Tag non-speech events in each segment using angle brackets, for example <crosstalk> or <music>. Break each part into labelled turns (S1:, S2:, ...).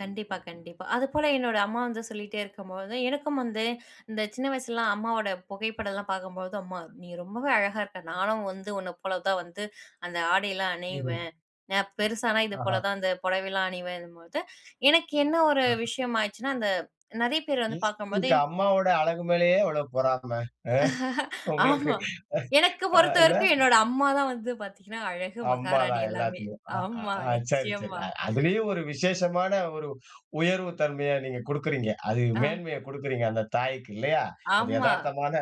S1: கண்டிப்பா, கண்டிப்பா. அதுபோல என்னோட அம்மா வந்து சொல்லிட்டே இருக்கும்போது, எனக்கும் வந்து இந்த சின்ன வயசுலலாம் அம்மாவோட புகைப்படம்லாம் பாக்கும்பொழுது, அம்மா நீ ரொம்பவே அழகா இருக்க. நானும் வந்து உன்னப்போலதான் வந்து அந்த ஆடைலாம்
S2: ம்ஹ்ம்.
S1: அணியுவேன். நா பெருசானா,
S2: ஆஹா!
S1: இதுபோலதான் அந்த புடவைலாம் அணியுவேன்னும் போது, எனக்கு என்ன ஒரு
S2: ஆஹா.
S1: விஷயமாச்சின்னா அந்த நெறைய பேர் வந்து
S2: எஸ்.
S1: பாக்கும்போது.
S2: உங்க அம்மாவோட அழகு மேலயே எவ்வளோ பொறாம? ம். உங்களுக்கு.
S1: ஆமா. எனக்கு
S2: அ இல்ல?
S1: பொறுத்தவரைக்கும் என்னோட அம்மாதான் வந்து பாத்தீங்கன்னா அழகு, மகாராணி
S2: அம்மாதான்
S1: எல்லாமே.
S2: எல்லாத்துலையும். அ. ஆ.
S1: ஆமா,
S2: ஆ. சரி, சரி.
S1: நிச்சயமா.
S2: அ அதுலயும் ஒரு விசேஷமான ஒரு உயர்வு தன்மையா நீங்க குடுக்குறீங்க. அது
S1: ஆ.
S2: மேன்மையைக் குடுக்குறீங்க அந்தத் தாய்க்கு, இல்லையா? அது
S1: ஆமா.
S2: எதார்த்தமான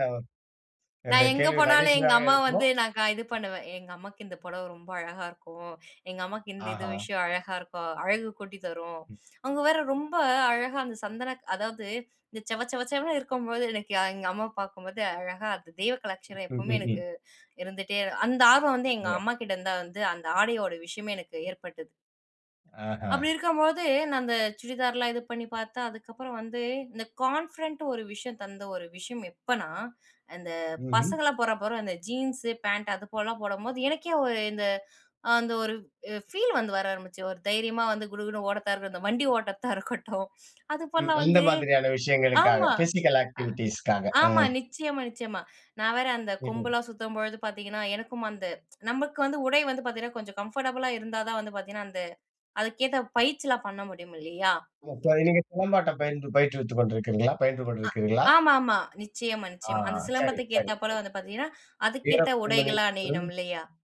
S1: நா
S2: என்னுடைய
S1: எங்க
S2: கேள்வி
S1: போனாலும் எங்க
S2: நகைச்சுவையாக
S1: அம்மாவ வந்து
S2: இருக்கணும்.
S1: நான் க இது பண்ணுவேன். எங்க அம்மாக்கு இந்த புடவை ரொம்ப அழகா இருக்கும். எங்க அம்மாக்கு இந்த இது
S2: ஆஹா!
S1: விஷயம் அழகா இருக்கும். அழகு கூட்டித்தரும்.
S2: ம்.
S1: அவுங்க வேற ரொம்ப அழகா அந்த சந்தன அதாவது இந்த செவ செவ செவன்னு இருக்கும்பொழுது எனக்கு எ எங்க அம்மா பாக்கும்போது அழகா அது
S2: ம்.
S1: தெய்வகலாட்சணம் எப்பவுமே
S2: ம்ஹ்ஹ்ம்.
S1: எனக்கு இருந்துட்டே அந்த ஆர்வம் வந்து எங்க
S2: <unintelligible>
S1: அம்மாகிட்ட இருந்துதான் வந்து, அந்த ஆடையோட விஷயமே எனக்கு ஏற்பட்டது.
S2: ஆஹா.
S1: அப்டி இருக்கும்பொழுது, நா அந்த சுடிதார்லாம் இது பண்ணி பார்த்தா அதுக்கப்பறம் வந்து, இந்த கான்ஃபிடென்ட்டு ஒரு விஷயம் தந்த ஒரு விஷயம் எப்பன்னா, இந்த
S2: ம்ஹ்ம்.
S1: பசங்கள்லாம் போdறான் பாரு அந்த ஜீன்ஸு, பேன்ட் அதுபோலலாம் போடும்போது, எனக்கே ஒரு இந்த அந்த ஒரு அ ஃபீல் வந்து வர ஆரம்பிச்சுரும். ஒரு தைரியமா வந்து குடுகுடுன்னு ஓடத்தா இருக்கட்டும், இந்த வண்டி ஓட்டத்தா இருக்கட்டும்.
S2: ம்.
S1: அதுபோலலாம்
S2: அந்த
S1: வந்து
S2: மாதிரியான விஷயங்களுக்காக.
S1: ஆமா.
S2: பிசிக்கல் ஆக்டிவிட்டீஸ்க்காக.
S1: அ ஆமா,
S2: ம்.
S1: நிச்சயமா, நிச்சயமா. நா வேற அந்த
S2: ம்ஹ்ம்.
S1: கொம்பெல்லாம் சுத்தும்பொழுது பாத்தீங்கன்னா, எனக்கும் அந்த <tsk> நமக்கு வந்து உடை வந்து பாத்தீங்கன்னா, கொஞ்சம் கம்ஃபர்டபிளா இருந்தாதான் வந்து பாத்தீங்கன்னா, அந்த அதுக்கேத்த பயிற்சில்லாம் பண்ண முடியுமில்லையா?
S2: இப்போ, நீங்க சிலம்பாட்டம் பயின்று பயிற்றுவித்து கொண்டிருக்குறீங்களா? பயின்று
S1: அ.
S2: கொண்டிருக்குறீங்களா?
S1: ஆமா, ஆமா. நிச்சயமா,
S2: ஆ.
S1: நிச்சயமா. அந்த
S2: சரி.
S1: சிலம்பத்துக்கு
S2: சரி. ஓகே.
S1: ஏத்தாப்போல வந்து பாத்தீங்கன்னா, அதுக்கேத்த
S2: வீரப்பெண்மணி.
S1: உடைகளா
S2: ம்.
S1: அணியணுமில்லையா?